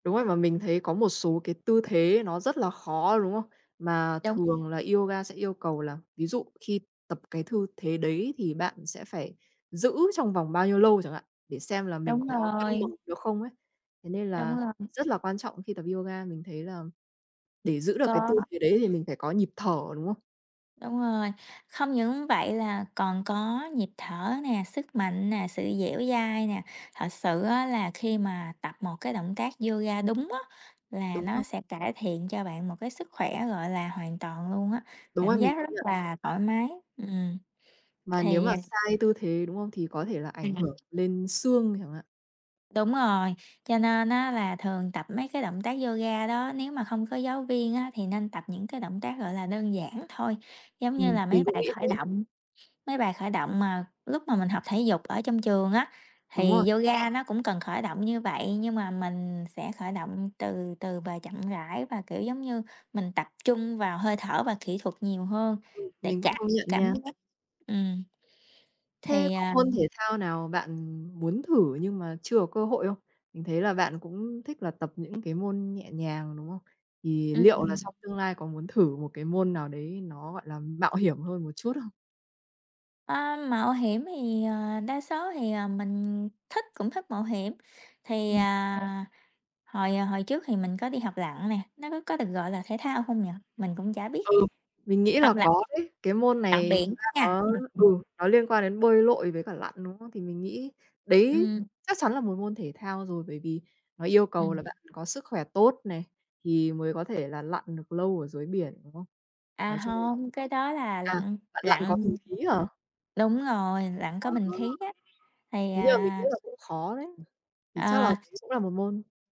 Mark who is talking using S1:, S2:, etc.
S1: Đúng rồi, mà mình thấy có một số cái tư thế nó rất là khó, đúng không? Mà
S2: Đúng.
S1: thường là yoga sẽ yêu cầu là, ví dụ khi tập cái thư thế đấy thì bạn sẽ phải giữ trong vòng bao nhiêu lâu chẳng hạn, để xem là mình
S2: Đúng
S1: có cân
S2: rồi.
S1: bằng được không ấy. Thế nên
S2: Đúng
S1: là,
S2: lầm.
S1: rất là quan trọng khi tập yoga. Mình thấy làm để giữ được cái tư
S2: Có.
S1: thế đấy thì mình phải có nhịp thở, đúng không?
S2: Đúng rồi, không những vậy là còn có nhịp thở nè, sức mạnh nè, sự dẻo dai nè. Thật sự á, là khi mà tập một cái động tác yoga đúng á, là
S1: Đúng
S2: nó
S1: rồi.
S2: sẽ cải thiện cho bạn một cái sức khỏe, gọi là, hoàn toàn luôn á,
S1: Đúng
S2: cảm
S1: á,
S2: giác
S1: mình công
S2: rất
S1: nhận.
S2: là thoải mái. Ừm,
S1: Mà nếu
S2: thì
S1: mà
S2: à
S1: sai tư thế, đúng không? Thì có thể là ảnh
S2: Ừm.
S1: hưởng lên xương chẳng hạn.
S2: Đúng rồi, cho nên á là thường tập mấy cái động tác yoga đó nếu mà không có giáo viên á thì nên tập những cái động tác, gọi là, đơn giản thôi. Giống như
S1: Ừm,
S2: là mấy
S1: mình cũng
S2: bài
S1: nghĩ
S2: khởi
S1: thế.
S2: động, mấy bài khởi động mà lúc mà mình học thể dục ở trong trường á.
S1: Đúng rồi.
S2: Thì yoga nó cũng cần khởi động như vậy, nhưng mà mình sẽ khởi động từ từ và chậm rãi, và kiểu giống như mình tập trung vào hơi thở và kỹ thuật nhiều hơn
S1: Ừm,
S2: để
S1: mình cũng
S2: chạc
S1: công
S2: s
S1: nhận
S2: cảm
S1: nha.
S2: giác. Ừm.
S1: Thế
S2: Thì
S1: có
S2: à,
S1: môn
S2: ừm
S1: thể thao nào bạn muốn thử nhưng mà chưa có cơ hội không? Mình thấy là bạn cũng thích là tập những cái môn nhẹ nhàng, đúng không? Thì liệu là
S2: Ừm.
S1: xong tương lai có muốn thử một cái môn nào đấy nó, gọi là, mạo hiểm hơn một chút không?
S2: Ờ, mạo hiểm thì, ờ, đa số thì, ờ, mình thích cũng thích mạo hiểm. Thì,
S1: Ừm.
S2: à, hồi, à, hồi trước thì mình có đi học lặn nè, nó có có được gọi là thể thao không nhỉ? Mình cũng chả biết,
S1: Ừ, mình nghĩ là
S2: học lặn,
S1: có đấy. Cái môn
S2: lặn
S1: này thực
S2: biển
S1: ra
S2: nha,
S1: nó,
S2: rất thích.
S1: ừ, nó liên quan đến bơi lội với cả lặn, đúng không? Thì mình nghĩ đấy
S2: Ừm.
S1: chắc chắn là một môn thể thao rồi. Bởi vì nó yêu cầu
S2: Ừm.
S1: là bạn có sức khỏe tốt này, thì mới có thể là lặn được lâu ở dưới biển, đúng không?
S2: À,
S1: Nói chung là
S2: hông, cái đó là
S1: à,
S2: lặn
S1: bạn lặn có bình
S2: lặn, ừ,
S1: khí hả?
S2: đúng rồi, lặn
S1: Ờ.
S2: có bình khí á. Thì
S1: Thế nhưng mà mình nghĩ
S2: à
S1: là cũng khó đấy,
S2: ừm,
S1: thì chắc là cũng
S2: ờ.
S1: cũng là một môn.